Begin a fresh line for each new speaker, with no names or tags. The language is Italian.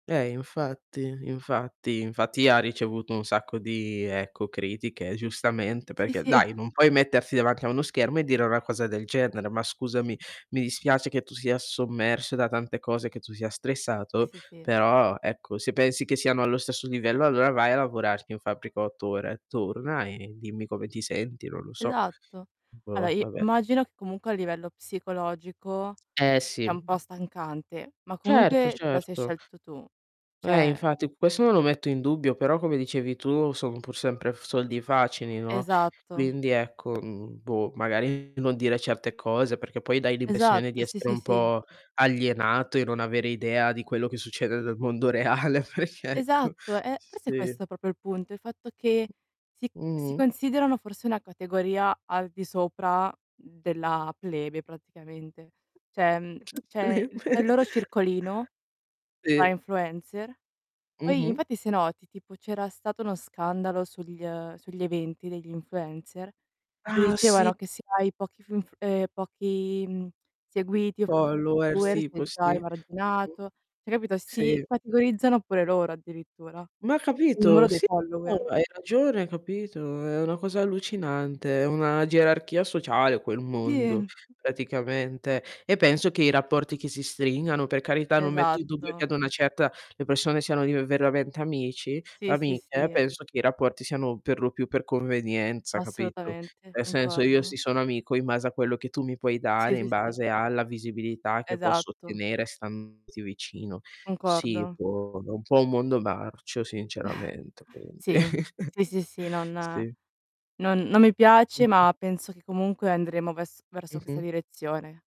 Ehm, infatti. Infatti, infatti ha ricevuto un sacco di, ecco, critiche giustamente
Sì,
perché,
sì.
dai non puoi mettersi davanti a uno schermo e dire una cosa del genere. Ma scusami, mi dispiace che tu sia sommerso da tante cose, che tu sia
Sì,
stressato,
sì, sì.
però ecco se pensi che siano allo stesso livello allora vai a lavorar in fabbrica 8 ore a turna e dimmi come ti senti, non lo so.
Esatto. Allo
Boh,
i
vabbè.
immagino che comunque a livello psicologico
Eh, sì,
è un po'
mh.
stancante, ma
Certo,
comunque te la sei
certo.
scelto tu.
Eh
Cioè
infatti, questo non lo metto in dubbio, però come dicevi tu, son pur sempre f soldi facili, no,
Esatto.
quindi ecco, mhmm, boh, magari non dire certe cose, perché poi dai l'impressione di
Esatto, sì,
essere
sì,
un
sì.
po' alienato e non avere idea di quello che succede nel mondo reale, perchè ecco.
Esatto, eh,
S
forse è
sì.
questo proprio il punto, il fatto che si si
Mh-mh.
considerano forse una categoria al di sopra della plebe, praticamente. Cioè, mhmm, c'è il c'è il loro
[unintelligible]
circolino tra
Sì.
influencer. Poi
Mh-mh.
infatti se noti, tipo c'era stato uno scandalo sugl ehm, sugli eventi degli influencer in cui
Ah, sì.
dicevano che se hai pochi funf ehm, pochi, mhmm, seguiti e
Followers
[unintelligible] e
tipo
sei già
sì. Mh-mh.
emarginato. Cioè capito, si
Sì.
categorizzano pure loro addirittura,
Ma
col numero
capito?
dei
Sì, tu
follower.
hai ragione, capito? È una cosa allucinante, è una gerarchia sociale quel mondo,
Sì.
praticamente. E penso che i rapporti che si stringano, per carità non metto in dubbio che
Esatto.
ad una certa le persone siano div veramente amici
Sì, sì,
amiche,
sì.
penso che i rapporti siano per lo più per convenienza, capito?
Assolutamente,
Nel senso, io
concordo.
si sono amico in base a quello che tu mi puoi
Sì,
dare, in
sì, sì.
base alla visibilità che posso
Esatto.
ottenere standoti vicino. Sì,
Concordo.
boh, è un po' un mondo marcio sinceramente, quindi.
Sì, sì, sì, sì, non
Sì.
non non mi piace
Mh-mh.
ma penso che comunque andremo ves verso questa
Mh-mh.
direzione.